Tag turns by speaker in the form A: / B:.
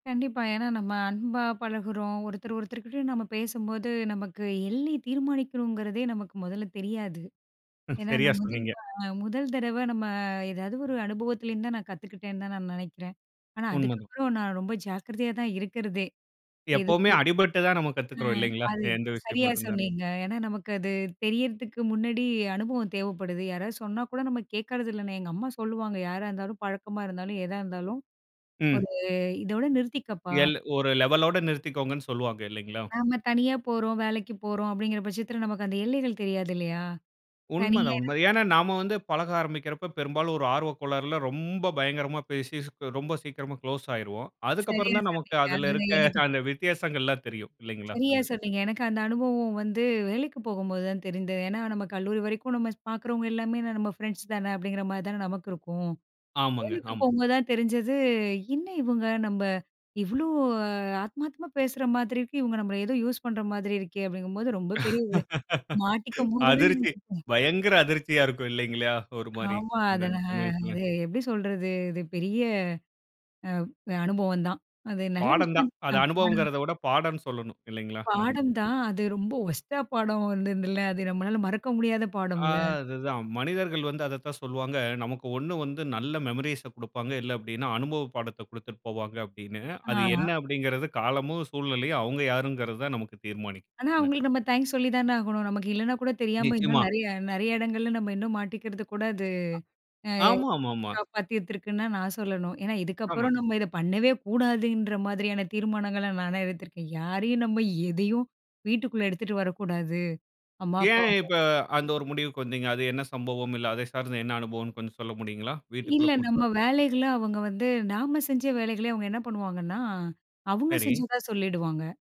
A: கண்டிப்பா. ஏன்னா நம்ம அன்பா பழகுறோம். ஒருத்தர் ஒருத்தர் கிட்டயும் நம்ம பேசும்போது, நமக்கு எள்ளி தீர்மானிக்கணுங்கிறதே நமக்கு முதல்ல தெரியாது. ஏன்னா
B: சரியா
A: நம்ம வந்து
B: சொன்னீங்க.
A: அ முதல் தடவ நம்ம ஏதாவது ஒரு அனுபவத்திலேருந்து தான் நான் கத்துக்கிட்டேன்னு, தான் நான் நினக்கிறேன். ஆனா
B: உண்மதான்.
A: அதுக்கப்புறம் நான் ரொம்ப ஜாக்கிரதயா தான் இருக்கறதே.
B: எப்பவுமே
A: எதுக்கு
B: அடிபட்டு தான் நாம
A: ஆ,
B: கத்துகிறோம் இல்லைங்களா?
A: அது
B: எந்த விஷயமா
A: சரியா
B: இருந்தாலும்.
A: சொன்னீங்க. ஏன்னா நமக்கு அது தெரியிறதுக்கு முன்னாடி அனுபவம் தேவப்படுது. யாராவது சொன்னா கூட நம்ம கேட்கறது இல்லண்ணே. எங்க அம்மா சொல்லுவாங்க "யாரா இருந்தாலும், பழக்கமா இருந்தாலும், எதா இருந்தாலும்
B: ம்.
A: ஒரு இதோட நிறுத்திக்கப்பா."
B: எல் ஒரு லெவல்ளோட நிறுத்திக்கோங்கன்னு சொல்வாங்க இல்லைங்களா?
A: நாம தனியா போறோம், வேலக்கு போறோம் அப்படீங்கிற பட்சத்துல, நமக்கு அந்த எல்லைகள் தெரியாது இல்லயா? தனியா
B: உண்மதான்,
A: இருந்
B: உண்மதான். ஏன்னா நாம வந்து பழக ஆரம்பிக்கறப்ப பெரும்பாலும் ஒரு ஆர்வக் கோளாறுல ரொம்ப பயங்கரமா பேசி ஸ் ரொம்ப சீக்கிரமா குளோஸ் ஆயிருவோம். அதுக்கு
A: சரியா
B: அப்பறம் தான் நமக்கு
A: சொன்னீங்க.
B: அதுல
A: அது
B: இருக்க
A: எனக்கு
B: அந்த வித்தியாசங்கள்லாம் தெரியும் இல்லைங்களா?
A: சரியா
B: வந்து
A: சொன்னீங்க. எனக்கு அந்த அனுபவம் வந்து வேலைக்கு போகும்போது தான் தெரிந்தது. ஏன்னா, நம்ம கல்லூரி வரைக்கும் நம்ம ஸ் பார்க்குறவங்க எல்லாமே, நம்ம ஃப்ரெண்ட்ஸ் தானே அப்படிங்கிற மாதிரி தானே நமக்கு இருக்கும்.
B: ஆமாங்க,
A: வேலைக்கு
B: ஆமா.
A: போம்போதுதான் தெரிஞ்சது "என்ன இவங்க நம்ம இவ்ளோ ஆத்மார்த்தமா பேசுற மாதிரி இருக்கு, இவங்க நம்மள ஏதோ யூஸ் பண்ற மாதிரி இருக்கே!" அப்படிங்கும்போது, ரொம்ப பெரிய இது, மாட்டிக்கும் போது தான்
B: அதிர்ச்சி!
A: எனக்கு.
B: பயங்கர அதிர்ச்சியா இருக்கும் இல்லைங்களா? ஒரு மாதிரி,
A: ஆமா.
B: இந்த
A: அத
B: ன்
A: நான்,
B: சமயத்துல.
A: அது எப்படி சொல்றது, இது பெரிய, அ அனுபவம் தான். அது நல்ல
B: பாடம்
A: விஷயம்.
B: தான். அது
A: நான் பாட
B: அனுபவங்கறத விட பாடம்னு சொல்லணும், இல்லைங்களா நமக்கு?
A: பாடம் தான். அது ரொம்ப வொர்ஸ்டா பாடம் வந்திருந்தில்ல. அது நம்மளால மறக்க முடியாத
B: ஆ,
A: பாடம்ல.
B: அதுதான் மனிதர்கள் வந்து அத தான் சொல்வாங்க, நமக்கு ஒண்ணு வந்து நல்ல மெமரீஸை குடுப்பாங்க, இல்ல அப்படின்னா அனுபவப்பாடத்த குடுத்துட்டு போவாங்க அப்படின்னு. அது என்ன
A: அ.
B: அப்படிங்கறது காலமும் சூழ்நிலயும் அவுங்க யாருங்கறத நமக்கு தீர்மானிக்கும்
A: ஆனா,
B: நா
A: அவுங்களுக்கு நம்ம தேங்க்ஸ் சொல்லிதானே ஆகணும். நமக்கு இல்லன்னா கூட தெரியாம இன்னும்
B: நிச்சயமா.
A: நெறைய, நெறைய இடங்கள்ல நம்ம இன்னும் மாட்டிக்கிறது கூட, அது
B: ஆமாமாமா.
A: அ காப்பாத்திருக்குன்னு தான் நான் சொல்லணும். ஏன்னா
B: ஆமா.
A: இதுக்கப்புறம் நம்ம இத பண்ணவே கூடாதுன்ற மாதிரியான தீர்மானங்கள நானே எடுத்துருக்கேன். யாரயும் நம்ம எதயும் வீட்டுக்குள்ளே எடுத்துட்டு வரக்கூடாது. அம்மா,
B: ஏன்,
A: அப்பாவும்.
B: இப்ப அந்த ஒரு முடிவுக்கு வந்தீங்க? அது என்ன சம்பவம் இல்ல அதை சார்ந்த என்ன அனுபவம்னு கொஞ்சம் சொல்ல முடியுங்களா?
A: இல்ல.
B: வீட்டுக்குள்ள கூட்டு
A: நம்ம
B: வர கூ
A: வேலைகள அவங்க வந்து, நாம செஞ்ச வேலைகளயே அவங்க என்ன பண்ணுவாங்கன்னா, அவங்க
B: சரி.
A: செஞ்சதா சொல்லிடுவாங்க.